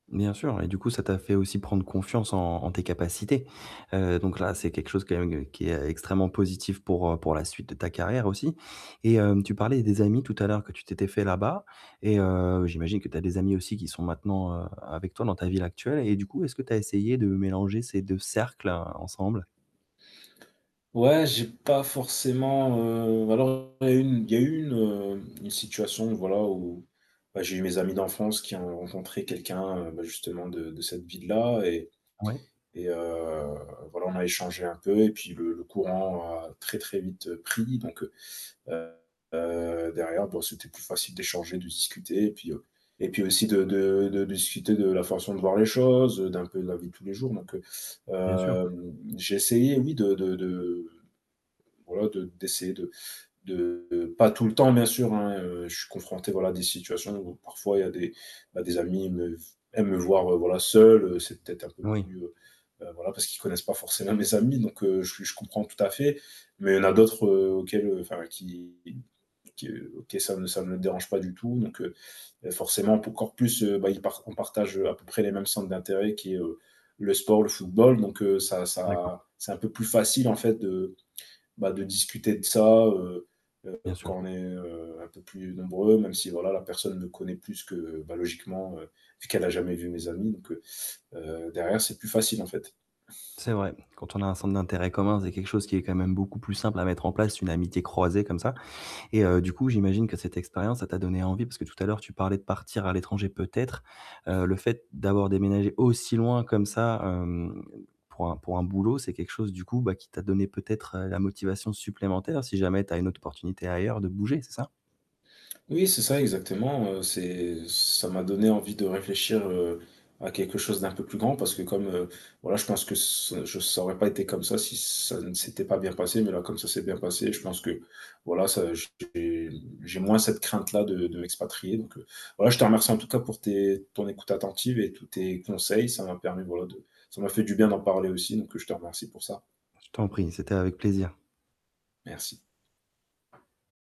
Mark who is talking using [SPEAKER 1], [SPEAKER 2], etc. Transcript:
[SPEAKER 1] Bien sûr, et du coup, ça t'a fait aussi prendre confiance en en tes capacités. Heu, donc là, c'est quelque chose quand même, qui est extrêmement positif pour heu, pour la suite de ta carrière aussi. Et heu, tu parlais des amis tout à l'heure, que tu t'étais fait là-bas, et heu, j'imagine que tu as des amis aussi qui sont maintenant heu, avec toi, dans ta ville actuelle et du coup, est-ce que tu as essayé de mélanger ces deux cercles heu, ensemble?
[SPEAKER 2] Ouais, j'ai pas forcément heu, ou alors il y a eu il y a eu une heu, une situation, voilà, où, bah, j'ai eu mes amis d'enfance qui ont rencontré quelqu'un heu, ben justement de de cette ville-là et
[SPEAKER 1] Ouais.
[SPEAKER 2] et heu, voilà, on a échangé un peu et puis le le courant a très très vite pris, donc heu heu derrière bah, c'était plus facile d'échanger, de discuter et puis heu et puis aussi de de de de discuter de la façon de voir les choses heu, d'un peu de la vie de tous les jours, donc heu
[SPEAKER 1] Bien sûr.
[SPEAKER 2] hem j'ai essayé, oui de de voilà de d'essayer de de pas tout le temps, bien sûr, hein, heu, je suis confronté, voilà, à des situations où parfois il y a des bah, des amis me v aiment me voir voilà, seul heu, c'est peut-être un peu
[SPEAKER 1] Oui.
[SPEAKER 2] plus heu voilà, parce qu'ils connaissent pas forcément mes amis. Donc heu, je je comprends tout à fait, mais il y en a d'autres heu, auxquels heu enfin qui qui que ça ça ne dérange pas du tout donc heu, forcément pou encore plus heu, bah ils par on partage heu, à peu près les mêmes centres d'intérêt qui est heu: le sport, le football. Donc heu, ça
[SPEAKER 1] D'accord.
[SPEAKER 2] ça c'est un peu plus facile, en fait, de bah, de discuter de ça heu heu,
[SPEAKER 1] Bien sûr.
[SPEAKER 2] quand on est heu, un peu plus nombreux, même si voilà, la personne me connaît plus que bah logiquement heu, puisqu'elle a jamais vu mes amis donc heu heu, derrière c'est plus facile, en fait.
[SPEAKER 1] C'est vrai. Quand on a un centre d'intérêt commun, vous avez quelque chose qui est quand même beaucoup plus simple à mettre en place, une amitié croisée comme ça. Et heu, du coup, j'imagine que cette expérience, ça t'a donné envie. Parce que tout à l'heure, tu parlais de partir à l'étranger peut-être. Heu, le fait, d'avoir déménagé aussi loin comme ça, hem, pour un pour un boulot, c'est quelque chose du coup bah, qui t'a donné peut-être heu, la motivation supplémentaire, si jamais tu as une autre opportunité ailleurs, de bouger, c'est ça?
[SPEAKER 2] Oui, c'est ça exactement heu, c'est ça m'a donné envie de réfléchir heu, à quelque chose d'un peu plus grand. Parce que comme heu voilà, je pense que se ça aurait pas été comme ça, si ça ne s'était pas bien passé. Mais là, comme ça c'est bien passé, je pense que voilà ça j'ai j'ai moins cette crainte là de de m'expatrier donc heu, voilà, je te remercie en tout cas pour tes ton écoute attentive et tous tes conseils. Ça m'a permis voilà, de ça m'a fait du bien d'en parler aussi, donc je te remercie pour ça.
[SPEAKER 1] Je t'en prie, c'était avec plaisir.
[SPEAKER 2] Merci.